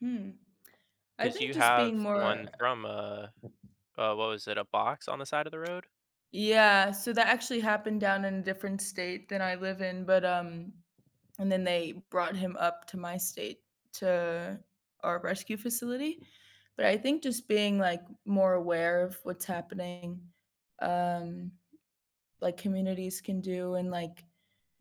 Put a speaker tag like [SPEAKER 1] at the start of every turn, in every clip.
[SPEAKER 1] Hmm, I
[SPEAKER 2] 'Cause
[SPEAKER 1] think
[SPEAKER 2] you
[SPEAKER 1] just being
[SPEAKER 2] have
[SPEAKER 1] more
[SPEAKER 2] 1 from, uh, uh, what was it, a box on the side of the road?
[SPEAKER 1] Yeah, so, that actually happened down in a different state than I live in, but, um, and then they brought him up to my state to our rescue facility, but I think just being, like, more aware of what's happening, um like, communities can do and, like,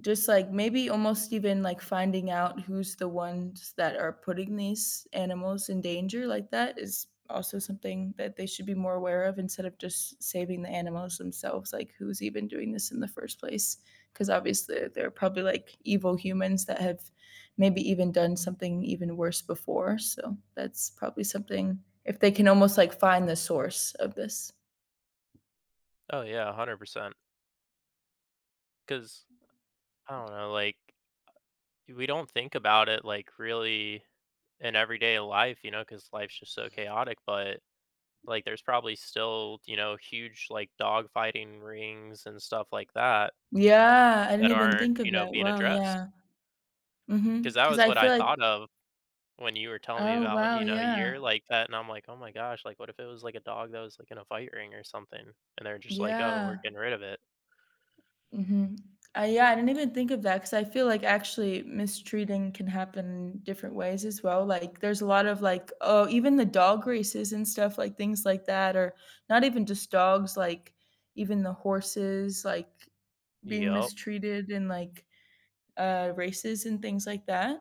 [SPEAKER 1] just, like, maybe almost even, like, finding out who's the ones that are putting these animals in danger, like, that is also something that they should be more aware of instead of just saving the animals themselves, like, who's even doing this in the first place, 'cause obviously they're probably, like, evil humans that have maybe even done something even worse before, so, that's probably something if they can almost, like, find the source of this.
[SPEAKER 2] Oh yeah, 100%. 'Cause, uh, I don't know, like, we don't think about it, like, really in everyday life, you know, 'cause life's just so chaotic, but, like, there's probably still, you know, huge, like, dogfighting rings and stuff like that
[SPEAKER 1] Yeah, I didn't
[SPEAKER 2] that
[SPEAKER 1] even
[SPEAKER 2] aren't,
[SPEAKER 1] think of
[SPEAKER 2] you know,
[SPEAKER 1] that.
[SPEAKER 2] being
[SPEAKER 1] Wow,
[SPEAKER 2] addressed.
[SPEAKER 1] yeah. Mhm,
[SPEAKER 2] 'Cause that
[SPEAKER 1] 'cause
[SPEAKER 2] was
[SPEAKER 1] I
[SPEAKER 2] what
[SPEAKER 1] feel,
[SPEAKER 2] I
[SPEAKER 1] like
[SPEAKER 2] thought of when you were telling me
[SPEAKER 1] Oh
[SPEAKER 2] about,
[SPEAKER 1] wow,
[SPEAKER 2] you know,
[SPEAKER 1] yeah.
[SPEAKER 2] you're like that, and I'm, like, "Oh my gosh," like, what if it was, like, a dog that was, like, in a fight ring or something, and they're just, like, "Oh, we're
[SPEAKER 1] Yeah.
[SPEAKER 2] getting rid of it."
[SPEAKER 1] Mhm, I yeah, I didn't even think of that ‘cause I feel, like, actually mistreating can happen different ways as well, like, there's a lot of, like oh, even the dog races and stuff, like, things like that, or not even just dogs, like, even the horses, like, being
[SPEAKER 2] Yup.
[SPEAKER 1] mistreated in, like, uh, races and things like that.